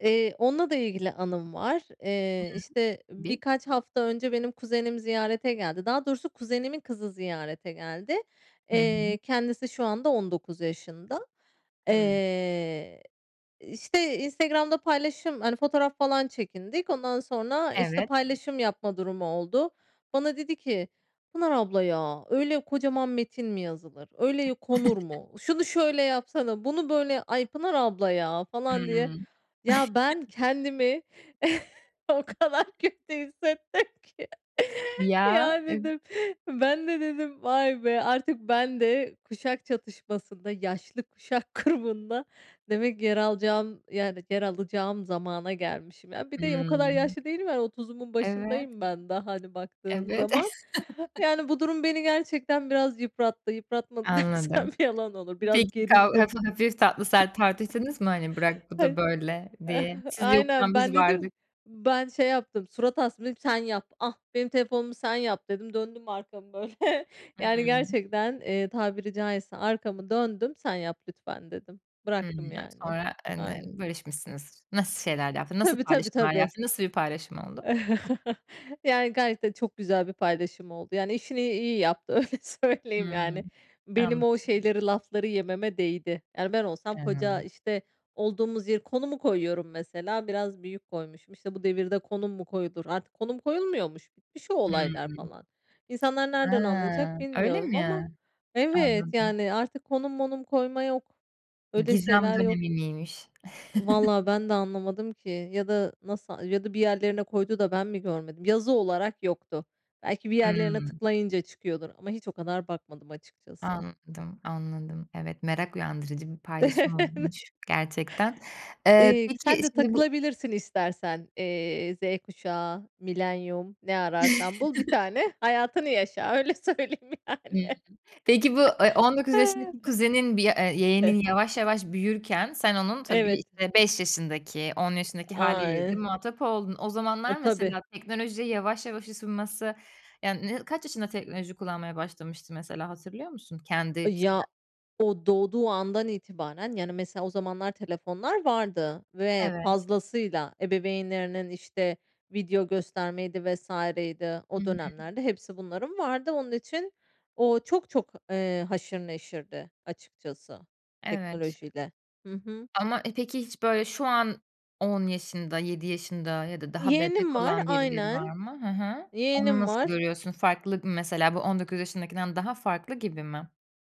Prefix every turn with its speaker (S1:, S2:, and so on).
S1: Eee, onunla da ilgili anım var. Eee,
S2: Hıı.
S1: işte,
S2: Bi
S1: birkaç hafta önce benim kuzenim ziyarete geldi. Daha doğrusu kuzenimin kızı ziyarete geldi.
S2: Hı hı.
S1: Eee, kendisi şu anda 19 yaşında.
S2: Hımm.
S1: Eee, işte, Instagram'da paylaşıyorum, hani, fotoğraf falan çekindik. Ondan sonra, işte,
S2: Evet.
S1: paylaşım yapma durumu oldu. Bana dedi ki, "Pınar Abla ya, öyle kocaman metin mi yazılır? Öyle konur mu? Şunu şöyle yapsana, bunu böyle. Ay, Pınar Abla ya." falan diye.
S2: Hımm.
S1: Ya, ben kendimi o kadar kötü hissettim ki.
S2: Ya.
S1: Ya,
S2: Im
S1: dedim, ben de dedim, "Vay be, artık ben de kuşak çatışmasında, yaşlı kuşak grubunda demek ki yer alacağım, yani, yer alacağım zamana gelmişim." Ya, bir de o kadar
S2: Hımm.
S1: yaşlı değilim, yani, 30’umun
S2: Evet.
S1: başındayım ben daha, hani, baktığın
S2: Evet.
S1: zaman. Yani, bu durum beni gerçekten biraz yıprattı. Yıpratmadı dersem
S2: Anladım.
S1: yalan olur, biraz
S2: Peki, kav
S1: gerildim.
S2: hafif hafif tatlı sert tartıştınız mı, hani, "Bırak, bu
S1: Ay
S2: da böyle." diye? "Siz de
S1: aynen,
S2: yokken
S1: ben
S2: biz
S1: dedim,
S2: vardık."
S1: ben şey yaptım, surat astım. Dedim ki, "Sen yap, ah, benim telefonumu, sen yap." dedim. Döndüm arkamı böyle, yani,
S2: Hıı.
S1: gerçekten, eee, tabiri caizse arkamı döndüm. "Sen yap lütfen." dedim, bıraktım,
S2: Hımm, [unintelligible]
S1: yani.
S2: sonra
S1: Aynen.
S2: [unintelligible] barışmışsınız. Nasıl şeyler yaptın? Nasıl
S1: Tabii, tabii,
S2: paylaşımlar
S1: tabii.
S2: yaptın? Nasıl bir paylaşım oldu?
S1: Yani, gayet de çok güzel bir paylaşım oldu, yani, işini iyi yaptı, öyle söyleyeyim. Yani,
S2: Hımm.
S1: benim
S2: Anladım.
S1: o şeyleri, lafları yememe değdi. Yani, ben olsam koca,
S2: Hımm.
S1: işte, olduğumuz yeri, konumu koyuyorum mesela. Biraz büyük koymuşum. İşte, "Bu devirde konum mu koyulur?" Artık konum koyulmuyormuş, bitmiş o
S2: Hımm.
S1: olaylar falan. İnsanlar nereden
S2: Hıı.
S1: anlayacak
S2: Öyle
S1: bilmiyorum ama
S2: mi?
S1: Evet,
S2: Anladım.
S1: yani, artık konum monum koyma yok,
S2: I
S1: öyle
S2: gizem
S1: şeyler yok.
S2: dönemi miymiş?
S1: Vallahi ben de anlamadım ki ya da nasıl ya da bir yerlerine koydu da ben mi görmedim? Yazı olarak yoktu. Belki bir yerlerine
S2: Hımm.
S1: tıklayınca çıkıyordur ama hiç o kadar bakmadım açıkçası.
S2: Anladım, anladım. Evet, merak uyandırıcı bir paylaşım olmuş gerçekten. Eee,
S1: Eee,
S2: peki
S1: sen de
S2: şimdi bu
S1: takılabilirsin istersen, eee, Z kuşağı, milenyum, ne ararsan bul bir tane hayatını yaşa, öyle söyleyeyim yani.
S2: Hımm. Peki, bu, eee, 19 yaşındaki kuzenin bir, eee,
S1: [unintelligible]
S2: yeğenin yavaş yavaş büyürken sen onun tabii,
S1: Evet.
S2: işte, 5 yaşındaki, 10 yaşındaki hâliyle de
S1: [unintelligible]
S2: muhatap oldun. O
S1: E,
S2: zamanlar
S1: tabii.
S2: mesela teknolojiye yavaş yavaş ısınması, yani, kaç yaşında teknoloji kullanmaya başlamıştı mesela, hatırlıyor musun,
S1: I
S2: kendi
S1: ya,
S2: [unintelligible]
S1: o doğduğu andan itibaren, yani, mesela, o zamanlar telefonlar vardı ve
S2: Evet.
S1: fazlasıyla ebeveynlerinin, işte, video göstermeydi vs. idi.
S2: Hı
S1: O
S2: hı.
S1: dönemlerde hepsi bunların vardı. Onun için o çok çok, eee, haşır neşirdi açıkçası
S2: Evet.
S1: teknolojiyle. Hı hı.
S2: Ama, e, peki, hiç böyle şu an 10 yaşında, 7 yaşında ya da daha
S1: Yeğenim
S2: bebek
S1: var,
S2: olan birileri var
S1: aynen.
S2: mı? Hı hı. Onu
S1: Yeğenim
S2: nasıl
S1: var.
S2: görüyorsun? Farklık mesela? Bu 19 yaşındakinden daha farklı gibi mi?